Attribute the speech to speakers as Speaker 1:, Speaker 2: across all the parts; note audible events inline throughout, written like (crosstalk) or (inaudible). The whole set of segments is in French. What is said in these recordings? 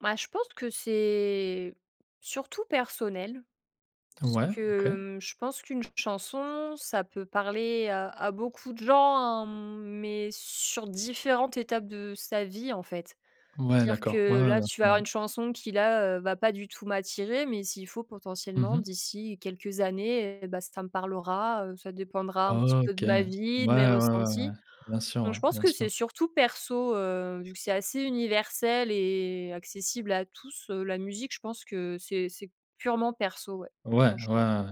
Speaker 1: Bah, je pense que c'est surtout personnel. Ce
Speaker 2: Ouais, OK.
Speaker 1: que, mmh, je pense qu'une chanson, ça peut parler à à beaucoup de gens, hein, mais sur différentes étapes de sa vie, en fait.
Speaker 2: Ouais,
Speaker 1: Dire
Speaker 2: d'accord. Ouais,
Speaker 1: que
Speaker 2: ouais,
Speaker 1: là,
Speaker 2: bien
Speaker 1: tu vas
Speaker 2: sûr,
Speaker 1: avoir
Speaker 2: ouais.
Speaker 1: une chanson qui, là, heu, va pas du tout m'attirer, mais s'il faut,
Speaker 2: Mmh
Speaker 1: potentiellement,
Speaker 2: mh.
Speaker 1: d'ici quelques années et bah, ça me parlera, heu, ça dépendra un petit peu
Speaker 2: OK.
Speaker 1: de ma
Speaker 2: Ouais,
Speaker 1: vie, de mes
Speaker 2: ouais, ouais, ouais.
Speaker 1: ressentis.
Speaker 2: Bien sûr,
Speaker 1: Donc
Speaker 2: ouais,
Speaker 1: je pense
Speaker 2: bien
Speaker 1: que
Speaker 2: sûr.
Speaker 1: c'est surtout perso, heu, vu que c'est assez universel et accessible à tous, heu, la musique. Je pense que c'est c'est purement perso, ouais,
Speaker 2: Ouais. Ouais, ouais,
Speaker 1: franchement.
Speaker 2: ouais.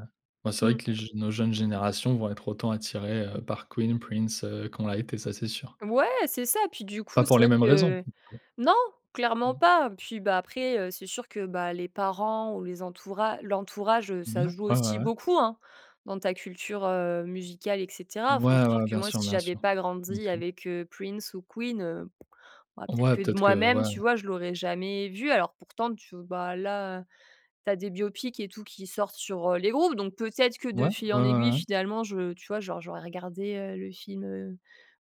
Speaker 2: Bah, c'est
Speaker 1: Mmh.
Speaker 2: vrai que les j nos jeunes générations vont être autant attirées, heu, par Queen, Prince, heu, qu'on l'a été, ça c'est sûr.
Speaker 1: Ouais, c'est ça. Puis, du
Speaker 2: Pas
Speaker 1: coup, c'est
Speaker 2: pour les
Speaker 1: vrai
Speaker 2: mêmes raisons.
Speaker 1: que non, clairement
Speaker 2: Mmh.
Speaker 1: pas. Puis, bah, après, heu, c'est sûr que, bah, les parents ou les entoura l'entourage, heu,
Speaker 2: Mouais.
Speaker 1: ça joue
Speaker 2: Ouais, ouais,
Speaker 1: aussi
Speaker 2: ouais.
Speaker 1: beaucoup, hein, dans ta culture, heu, musicale et cetera. Enfin
Speaker 2: Ouais,
Speaker 1: c'est sûr
Speaker 2: ouais,
Speaker 1: que
Speaker 2: bien
Speaker 1: moi,
Speaker 2: sûr,
Speaker 1: si
Speaker 2: bien
Speaker 1: j'avais
Speaker 2: sûr.
Speaker 1: pas
Speaker 2: Bien
Speaker 1: grandi
Speaker 2: sûr.
Speaker 1: avec, heu, Prince ou Queen, heu, bah, peut être
Speaker 2: Ouais,
Speaker 1: que de
Speaker 2: peut-être
Speaker 1: moi
Speaker 2: que
Speaker 1: même,
Speaker 2: ouais.
Speaker 1: tu vois, je l'aurais jamais vu. Alors pourtant, tu v bah là, tu as des biopics et tout qui sortent sur, heu, les groupes. Donc peut être que de
Speaker 2: Ouais.
Speaker 1: fil
Speaker 2: Ouais,
Speaker 1: en
Speaker 2: ouais,
Speaker 1: aiguille,
Speaker 2: ouais.
Speaker 1: finalement, je tu vois, genre, j'aurais regardé, heu, le film, heu,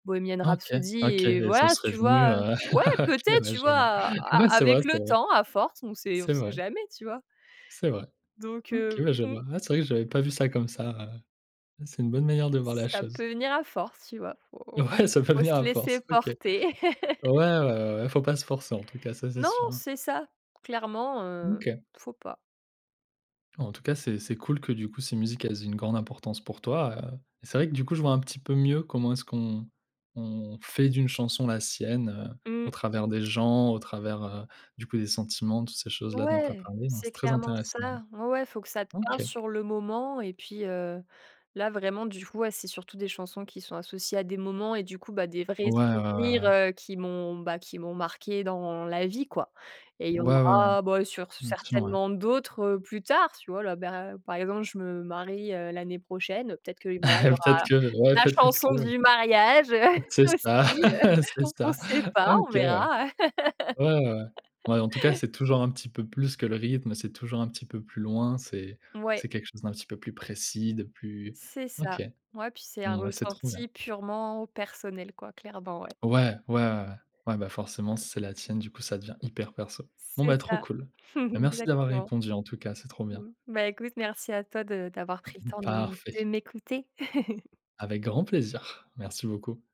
Speaker 1: Bohemian
Speaker 2: Ah OK,
Speaker 1: Rhapsody
Speaker 2: OK
Speaker 1: et
Speaker 2: et ça
Speaker 1: voilà,
Speaker 2: serait
Speaker 1: tu
Speaker 2: venu,
Speaker 1: vois, heu,
Speaker 2: heu
Speaker 1: ouais,
Speaker 2: (chuckles)
Speaker 1: peut
Speaker 2: OK,
Speaker 1: être,
Speaker 2: ouais,
Speaker 1: tu
Speaker 2: je
Speaker 1: vois?
Speaker 2: vois.
Speaker 1: A
Speaker 2: Ouais,
Speaker 1: a
Speaker 2: c'est vrai,
Speaker 1: avec
Speaker 2: c'est
Speaker 1: le
Speaker 2: vrai.
Speaker 1: temps, à force, on sait on
Speaker 2: C'est
Speaker 1: sait
Speaker 2: vrai.
Speaker 1: jamais, tu vois?
Speaker 2: C'est vrai.
Speaker 1: Donc
Speaker 2: OK,
Speaker 1: heu,
Speaker 2: bah je
Speaker 1: mmh.
Speaker 2: vois. Ouais c'est vrai, j'ai pas vu ça comme ça, heu, c'est une bonne manière de voir la
Speaker 1: Ça
Speaker 2: chose.
Speaker 1: peut venir à force, tu vois. Il faut
Speaker 2: Ouais ça peut
Speaker 1: faut
Speaker 2: venir
Speaker 1: se
Speaker 2: à
Speaker 1: laisser
Speaker 2: force, OK. Ouais,
Speaker 1: porter.
Speaker 2: ouais,
Speaker 1: (laughs)
Speaker 2: ouais, ouais, il faut pas se forcer en tout cas, ça c'est
Speaker 1: Non.
Speaker 2: sûr, hein.
Speaker 1: C'est ça. Clairement,
Speaker 2: Mmh,
Speaker 1: heu,
Speaker 2: OK.
Speaker 1: il faut pas.
Speaker 2: En tout cas, c'est c'est cool que, du coup, ces musiques, elles aient une grande importance pour toi, heu et c'est vrai que, du coup, je vois un petit peu mieux comment est-ce qu'on on fait d'une chanson la sienne, heu, au
Speaker 1: Mmh.
Speaker 2: travers des gens, au travers, heu, du coup, des sentiments, toutes ces choses-là dont tu as
Speaker 1: Ouais.
Speaker 2: parlé. Donc,
Speaker 1: C'est
Speaker 2: c'est très
Speaker 1: clairement
Speaker 2: intéressant.
Speaker 1: ça. Ouais, ouais, faut que ça te parle
Speaker 2: OK.
Speaker 1: sur le moment. Et puis, heu, là, vraiment, du coup, ouais, c'est surtout des chansons qui sont associées à des moments et du coup, bah, des vrais
Speaker 2: Ouais, ouais, ouais,
Speaker 1: souvenirs,
Speaker 2: ouais.
Speaker 1: heu, qui m'ont, bah, qui m'ont marquée dans la vie, quoi. Et il y en
Speaker 2: Ouais, ouais, ouais.
Speaker 1: aura, bah, sur
Speaker 2: Une option, ouais.
Speaker 1: certainement d'autres, heu, plus tard, tu vois? Là, beh, par exemple, je me marie, heu, l'année prochaine, peut être que voilà, il y
Speaker 2: (chuckles) Peut-être
Speaker 1: aura
Speaker 2: que ouais
Speaker 1: la
Speaker 2: peut être
Speaker 1: chanson
Speaker 2: que
Speaker 1: du mariage, heu, (chuckles)
Speaker 2: c'est
Speaker 1: aussi.
Speaker 2: ça. (chuckles) C'est
Speaker 1: (chuckles) On
Speaker 2: ça.
Speaker 1: sait pas, on
Speaker 2: OK ouais.
Speaker 1: verra.
Speaker 2: Ouais, ouais, ouais. Ouais, en tout cas,
Speaker 1: (laughs)
Speaker 2: c'est toujours un petit peu plus que le rythme, c'est toujours un petit peu plus loin, c'est
Speaker 1: Ouais.
Speaker 2: c'est quelque chose d'un petit peu plus précis, de plus
Speaker 1: C'est
Speaker 2: OK.
Speaker 1: ça. Ouais, puis c'est un
Speaker 2: Bon, bah, c'est trop bien.
Speaker 1: ressenti purement personnel, quoi, clairement, ouais.
Speaker 2: Ouais. Ouais, ouais, ouais. Ouais, bah, forcément, c'est la tienne, du coup, ça devient hyper perso. Bon,
Speaker 1: C'est
Speaker 2: bah, trop
Speaker 1: ça.
Speaker 2: cool. Bah,
Speaker 1: (chuckles)
Speaker 2: merci d'avoir
Speaker 1: Exactement.
Speaker 2: répondu en tout cas, c'est trop bien.
Speaker 1: Mmh. Bah écoute, m merci à toi de d'avoir
Speaker 2: Mmh
Speaker 1: pris le
Speaker 2: mh.
Speaker 1: temps de
Speaker 2: Parfait.
Speaker 1: de m'écouter. (chuckles)
Speaker 2: Avec grand plaisir, merci beaucoup.